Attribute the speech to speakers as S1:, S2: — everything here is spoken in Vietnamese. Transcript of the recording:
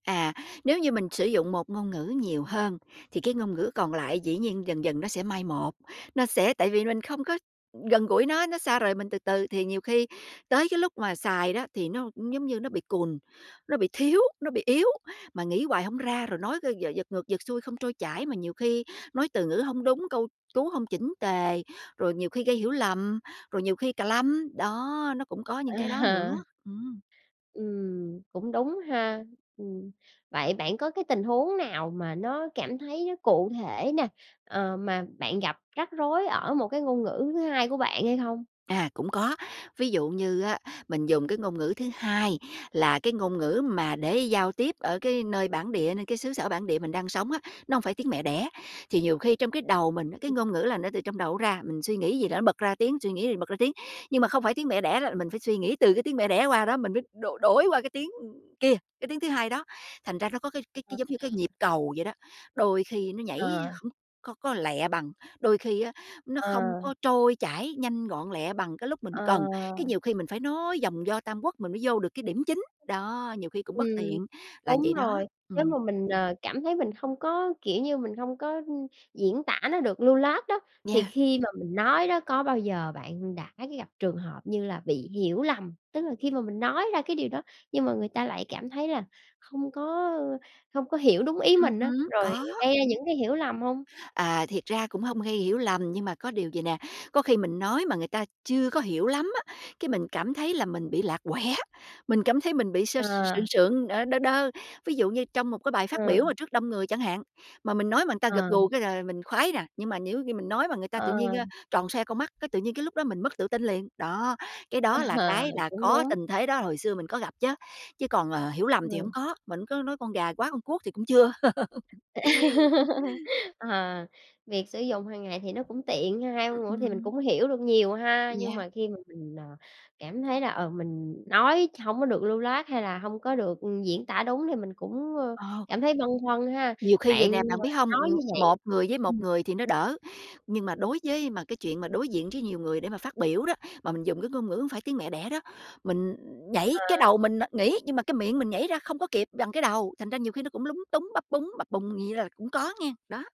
S1: À, nếu như mình sử dụng một ngôn ngữ nhiều hơn, thì cái ngôn ngữ còn lại dĩ nhiên dần dần nó sẽ mai một, nó sẽ tại vì mình không có, ừm, gần gũi nó, nó xa rời mình từ từ, thì nhiều khi tới cái lúc mà xài đó thì nó giống như nó bị cùn, nó bị thiếu, nó bị yếu, mà nghĩ hoài hổng ra, rồi nói, ơ, giật ngược giật xuôi không trôi chảy, mà nhiều khi nói từ ngữ hông đúng, câu cú hông chỉnh tề, rồi nhiều khi gây hiểu lầm, rồi nhiều khi cà lăm, đó, nó cũng có những cái đó
S2: À.
S1: nữa, ừm.
S2: Ừm, cũng đúng ha. Ừm, vậy bạn có cái tình huống nào mà nó cảm thấy nó cụ thể nè, ờ, mà bạn gặp rắc rối ở một cái ngôn ngữ thứ 2 của bạn hay không?
S1: À, cũng có, ví dụ như á, mình dùng cái ngôn ngữ thứ hai là cái ngôn ngữ mà để giao tiếp ở cái nơi bản địa, nơi cái xứ sở bản địa mình đang sống á, nó hổng phải tiếng mẹ đẻ, thì nhiều khi trong cái đầu mình á, cái
S2: Ừm.
S1: ngôn ngữ là nó từ trong đầu nó ra, mình suy nghĩ gì đó nó bật ra tiếng, suy nghĩ thì bật ra tiếng. Nhưng mà không phải tiếng mẹ đẻ đó, mình phải suy nghĩ từ cái tiếng mẹ đẻ qua đó mình mới đổi đổi qua cái tiếng kia, cái tiếng thứ hai đó, thành ra nó có cái cái
S2: Ờ.
S1: cái giống như cái nhịp cầu vậy đó, đôi khi nó nhảy
S2: Ờ.
S1: hổng có có lẹ bằng, đôi khi á, nó không
S2: Ờ.
S1: có trôi chảy nhanh gọn lẹ bằng cái lúc mình
S2: Ờ.
S1: cần, cái nhiều khi mình phải nói vòng vo Tam Quốc mình mới vô được cái điểm chính. Đó, nhiều khi cũng
S2: Ừm,
S1: bất tiện, là
S2: đúng
S1: vậy đó.
S2: rồi. Nếu
S1: Ừm.
S2: mà mình, ờ, cảm thấy mình không có, kiểu như, mình không có, ừm, diễn tả nó được lưu loát đó, thì
S1: Yeah.
S2: khi mà mình nói đó, có bao giờ bạn đã gặp trường hợp như là bị hiểu lầm? Tức là khi mà mình nói ra cái điều đó, nhưng mà người ta lại cảm thấy là không có, ơ không có hiểu đúng ý
S1: Ừm
S2: mình á,
S1: hứm,
S2: rồi
S1: có.
S2: gây ra những cái hiểu lầm hông?
S1: À, thiệt ra cũng hông gây hiểu lầm. Nhưng mà có điều vầy nè, có khi mình nói mà người ta chưa có hiểu lắm á, cái mình cảm thấy là mình bị lạc quẻ, mình cảm thấy mình bị sơ
S2: Ờ.
S1: sượng sượng, ờ, đơ đơ. Ví dụ như trong một cái bài phát
S2: Ờ.
S1: biểu mà trước đông người chẳng hạn, mà mình nói mà người ta gật
S2: Ờ.
S1: gù cái là mình khoái nè, nhưng mà nếu khi mình nói mà người ta tự nhiên, ơ,
S2: Ờ.
S1: tròn xoe con mắt, cái, tự nhiên cái lúc đó mình mất tự tin liền. Đó, cái đó là
S2: À,
S1: cái là
S2: cũng
S1: có
S2: đúng.
S1: tình thế đó hồi xưa mình có gặp chứ, chứ còn, ờ, hiểu lầm thì
S2: Ừm.
S1: hổng có, mình hổng có nói con gà hóa con cuốc thì cũng chưa.
S2: Ờ, việc sử dụng hàng ngày thì nó cũng tiện ha, 2 ngôn
S1: Ừm,
S2: ngữ mình
S1: ừm.
S2: cũng hiểu được nhiều ha, nhưng
S1: Yeah.
S2: mà khi mà mình, ờ, cảm thấy là, ờ, mình nói hổng có được lưu loát hay là hông có được, ừm, diễn tả đúng thì mình cũng, ơ,
S1: Ờ.
S2: cảm thấy băn khoăn ha.
S1: Nhiều khi vậy
S2: Bạn
S1: nè, bạn
S2: mà
S1: biết hông?
S2: nói
S1: Ừm,
S2: như vậy
S1: một người với một
S2: ừm.
S1: người thì nó đỡ, nhưng mà đối với mà cái chuyện mà đối diện với nhiều người để mà phát biểu đó, mà mình dùng cái ngôn ngữ hổng phải tiếng mẹ đẻ đó, mình nhảy cái
S2: À.
S1: đầu mình nó nghĩ, nhưng mà cái miệng mình nhảy ra không có kịp bằng cái đầu, thành ra nhiều khi nó cũng lúng túng, bắp búng, bập bùng vậy là cũng có nghen, đó.